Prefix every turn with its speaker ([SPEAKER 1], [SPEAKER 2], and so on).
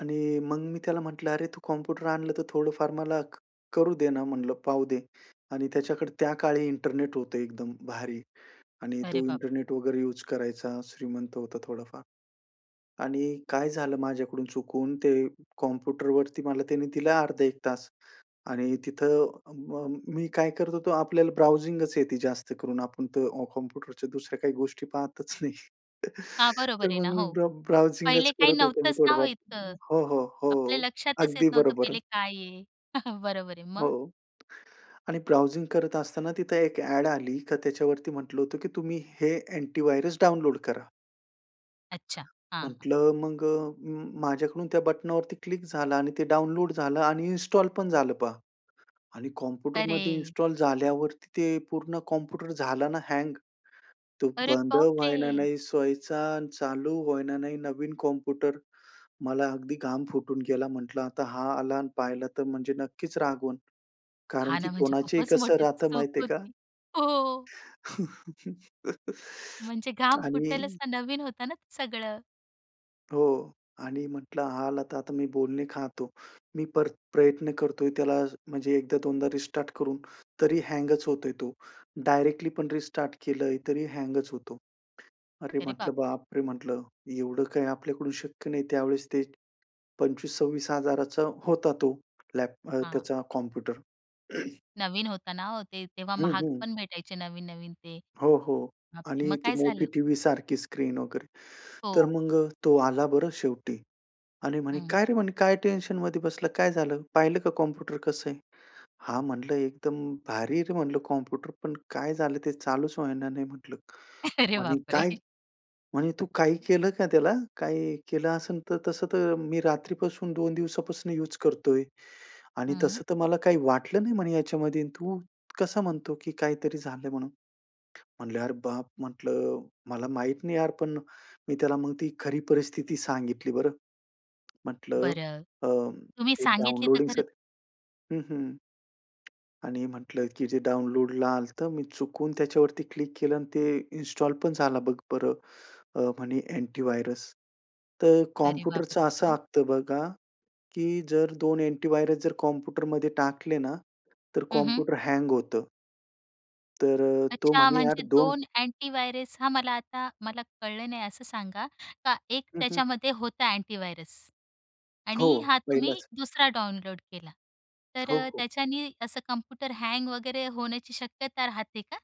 [SPEAKER 1] आणि मग मी त्याला म्हटलं, अरे, तू कॉम्प्युटर आणलं, तर थोडंफार मला क करू दे ना म्हटलं, पाहू दे. आणि त्याच्याकडे त्याकाळी इंटरनेट होतं एकदम भारी आणि
[SPEAKER 2] अरे
[SPEAKER 1] तो
[SPEAKER 2] बाप!
[SPEAKER 1] इंटरनेट वगैरे युज करायचा. श्रीमंत होता थोडाफार. आणि काय झालं, माझ्याकडून चुकून ते कॉम्प्युटरवरती मला त्यांनी दिलं अर्धा 1 तास आणि तिथं अ, म मी काय करत होतो, आपल्याला ब्राउझिंगच येते जास्त करून. आपण तर अ, कॉम्प्युटरच्या दुसऱ्या काही गोष्टी पाहतच नाही.
[SPEAKER 2] हां,
[SPEAKER 1] तर
[SPEAKER 2] बरोबर आहे ना
[SPEAKER 1] मग मी
[SPEAKER 2] हो.
[SPEAKER 1] ब्र ब्राउझिंगच
[SPEAKER 2] पहिले काही
[SPEAKER 1] करत होतो मी
[SPEAKER 2] नव्हतंच ना ओ
[SPEAKER 1] थोडंफार
[SPEAKER 2] इतकं.
[SPEAKER 1] हो, हो,
[SPEAKER 2] आपल्या
[SPEAKER 1] हो.
[SPEAKER 2] लक्षातच येत
[SPEAKER 1] अगदी
[SPEAKER 2] नव्हतं
[SPEAKER 1] बरोबर.
[SPEAKER 2] पहिले काय आहे. बरोबर आहे.
[SPEAKER 1] हो.
[SPEAKER 2] मग?
[SPEAKER 1] आणि ब्राउझिंग करत असताना तिथं एक अ‍ॅड आली, तर त्याच्यावरती म्हटलं होतं, की तुम्ही हे अँटीव्हायरस डाउनलोड करा.
[SPEAKER 2] अच्छा, हां, हां.
[SPEAKER 1] म्हटलं मग अ, माझ्याकडून त्या बटनवरती क्लिक झाला आणि ते डाउनलोड झालं आणि इन्स्टॉल पण झालं पहा आणि कॉम्प्युटरमध्ये
[SPEAKER 2] अरे!
[SPEAKER 1] इन्स्टॉल झाल्यावरती ते पूर्ण कॉम्प्युटर झाला ना हँग. तो
[SPEAKER 2] अरे
[SPEAKER 1] बंद होईना
[SPEAKER 2] बापरे!
[SPEAKER 1] नाही सोईचा आणि चालू होईना नाही, नवीन कॉम्प्युटर. मला अगदी घाम फुटून गेला. म्हटलं, आता हा आला आणि पाहिला तर म्हणजे नक्कीच रागवल. कारण
[SPEAKER 2] हां
[SPEAKER 1] की
[SPEAKER 2] ना. म्हणजे
[SPEAKER 1] कोणाचेही
[SPEAKER 2] खूपच
[SPEAKER 1] कसं
[SPEAKER 2] मोठी
[SPEAKER 1] राहतं
[SPEAKER 2] चूक
[SPEAKER 1] माहिती आहे का?
[SPEAKER 2] होती. हो. म्हणजे घाम फुटेल
[SPEAKER 1] आणि
[SPEAKER 2] असा नवीन होत ना ते सगळं.
[SPEAKER 1] हो. आणि म्हटलं, हा आला आता मी बोलणे खातो. मी पर प्रयत्न करतोय त्याला म्हणजे एकदा दोनदा रिस्टार्ट करून, तरी हँगच होतोय तो. डायरेक्टली पण रिस्टार्ट केलंय, तरी हँगच होतो. अरे
[SPEAKER 2] अरे
[SPEAKER 1] म्हटलं,
[SPEAKER 2] बापरे!
[SPEAKER 1] बापरे! म्हटलं, एवढं काही आपल्याकडून शक्य नाही. त्यावेळेस ते 25000-26000चा होता तो लॅप अ,
[SPEAKER 2] हां.
[SPEAKER 1] त्याचा कॉम्प्युटर.
[SPEAKER 2] नवीन होताना ओ ते तेव्हा
[SPEAKER 1] हं,
[SPEAKER 2] महाग
[SPEAKER 1] हं.
[SPEAKER 2] पण भेटायचे नवीन-नवीन ते.
[SPEAKER 1] हो, हो.
[SPEAKER 2] बापरे, मग
[SPEAKER 1] आणि ती
[SPEAKER 2] काय झालं?
[SPEAKER 1] मोठी टीव्हीसारखी स्क्रीन वगैरे, तर
[SPEAKER 2] हो.
[SPEAKER 1] मग अ, तो आला बरं शेवटी आणि म्हणे,
[SPEAKER 2] हं.
[SPEAKER 1] "काय रे म्हणे, काय टेन्शनमध्ये बसलं, काय झालं? पाहिलं का कॉम्प्युटर कसं आहे?" हां म्हटलं, एकदम भारी आहे रे म्हटलं कॉम्प्युटर, पण काय झालं, ते चालूच होईना नाही म्हटलं.
[SPEAKER 2] अरे
[SPEAKER 1] म्हणे,
[SPEAKER 2] बापरे.
[SPEAKER 1] काय? म्हणे "तू काही केलं का त्याला? काय केलं असेल तर. तसं तर मी रात्रीपासून 2 दिवसापासून युज करतोय आणि
[SPEAKER 2] हं.
[SPEAKER 1] तसं तर मला काही वाटलं नाही म्हणे ह्याच्यामध्ये आणि तू कसं म्हणतो, की काहीतरी झालं म्हणून." म्हटलं, अरे बाप म्हटलं, मला माहित नाही यार, पण मी त्याला मग ती खरी परिस्थिती सांगितली बरं. म्हटलं
[SPEAKER 2] बरं,
[SPEAKER 1] अ,
[SPEAKER 2] तुम्ही
[SPEAKER 1] ते
[SPEAKER 2] सांगितली तर
[SPEAKER 1] डाउनलोडिंग स
[SPEAKER 2] खरंच.
[SPEAKER 1] हं, हं. आणि म्हटलं, की जे डाउनलोडला आलं, तर मी चुकून त्याच्यावरती क्लिक केलं आणि ते इन्स्टॉल पण झालं बघ बरं, अ, म्हणे अँटीव्हायरस, तर
[SPEAKER 2] अरे
[SPEAKER 1] कॉम्प्युटरचं
[SPEAKER 2] बापरे!
[SPEAKER 1] असं
[SPEAKER 2] मग?
[SPEAKER 1] असतं बघा, की जर 2 अँटीव्हायरस जर कॉम्प्युटरमध्ये टाकले ना, तर
[SPEAKER 2] हं, हं.
[SPEAKER 1] कॉम्प्युटर हँग होतं. तर अ, तो
[SPEAKER 2] अच्छा,
[SPEAKER 1] म्हणे यार
[SPEAKER 2] म्हणजे
[SPEAKER 1] 2
[SPEAKER 2] 2 अँटीव्हायरस हां, मला आता मला कळलं नाही. असं सांगा, का 1
[SPEAKER 1] हं, हं.
[SPEAKER 2] त्याच्यामध्ये होता अँटीव्हायरस. आणि
[SPEAKER 1] हो.
[SPEAKER 2] हा तुम्ही
[SPEAKER 1] पहिलंच.
[SPEAKER 2] दुसरा डाउनलोड केला, तर
[SPEAKER 1] हो,
[SPEAKER 2] अ,
[SPEAKER 1] हो.
[SPEAKER 2] त्याच्यानी असं कॉम्प्युटर हँग वगैरे होण्याची शक्यता राहते का?